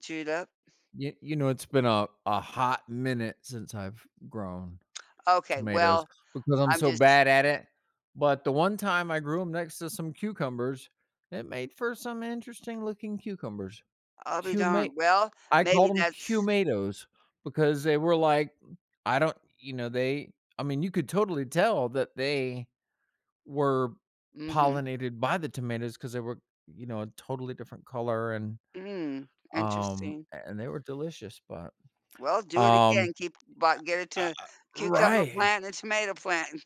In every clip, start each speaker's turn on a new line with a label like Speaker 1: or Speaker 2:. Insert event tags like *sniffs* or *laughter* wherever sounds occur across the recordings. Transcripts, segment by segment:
Speaker 1: Chewed up.
Speaker 2: Ye you know, it's been a a hot minute since I've grown
Speaker 1: Okay.
Speaker 2: tomatoes
Speaker 1: Well,
Speaker 2: because I'm
Speaker 1: I'm
Speaker 2: so
Speaker 1: just
Speaker 2: bad at it. But the one time I grew 'em next to some cucumbers, it made for some interesting looking cucumbers.
Speaker 1: I'll be
Speaker 2: "Cuma"
Speaker 1: darned. Well,
Speaker 2: I
Speaker 1: maybe
Speaker 2: called 'em
Speaker 1: that's
Speaker 2: "Cumatoes" because they were like I don't you know, they I mean, you could totally tell that they were
Speaker 1: Mhm.
Speaker 2: pollinated by the tomatoes, 'cause they were, you know, a totally different color and,
Speaker 1: Mm,
Speaker 2: um
Speaker 1: interesting.
Speaker 2: a and they were delicious, but,
Speaker 1: Well, do it
Speaker 2: um
Speaker 1: again keep but getting
Speaker 2: Uh
Speaker 1: to
Speaker 2: uh uh
Speaker 1: cucumber
Speaker 2: Right.
Speaker 1: plant and tomato plant.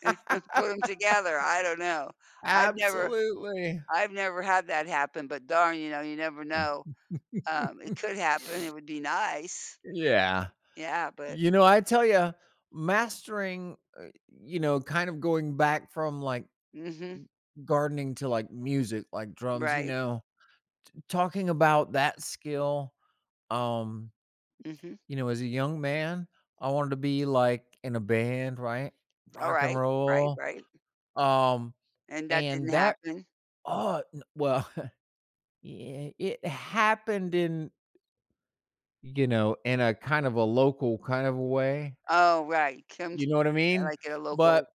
Speaker 1: *chuckles* Put 'em together, I don't know. I've never
Speaker 2: Absolutely.
Speaker 1: I've never had that happen but darn, you know, you never know.
Speaker 2: *laughs*
Speaker 1: Um, it could happen,
Speaker 2: *sniffs*
Speaker 1: it would be nice.
Speaker 2: Yeah.
Speaker 1: Yeah, but
Speaker 2: You know, I tell ya, mastering uh, you know, kind of going back from, like g
Speaker 1: Mhm.
Speaker 2: gardening to, like, music, like, drums, you
Speaker 1: Right.
Speaker 2: know, t talking about that skill, um
Speaker 1: Mhm.
Speaker 2: you know, as a young man, I wanted to be like, in a band, right, Rock and
Speaker 1: Alright. Right,
Speaker 2: Roll,
Speaker 1: right.
Speaker 2: um,
Speaker 1: And that didn't
Speaker 2: and that
Speaker 1: happen?
Speaker 2: Ugh, n well, *chuckles* yeah, it happened in you know, in a kind of a local kind of a way.
Speaker 1: Oh, right. Come
Speaker 2: You
Speaker 1: t
Speaker 2: know what I
Speaker 1: uh,
Speaker 2: mean?
Speaker 1: like, at a local
Speaker 2: But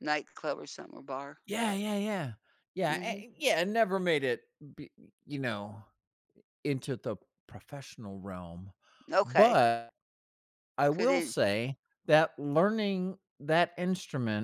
Speaker 1: nightclub or something or bar.
Speaker 2: Yeah, yeah, yeah. Yeah, a
Speaker 1: Mhm.
Speaker 2: it yeah, it never made it b you know, i into the professional realm.
Speaker 1: Okay.
Speaker 2: But, I will
Speaker 1: Couldn't
Speaker 2: say that learning that instrument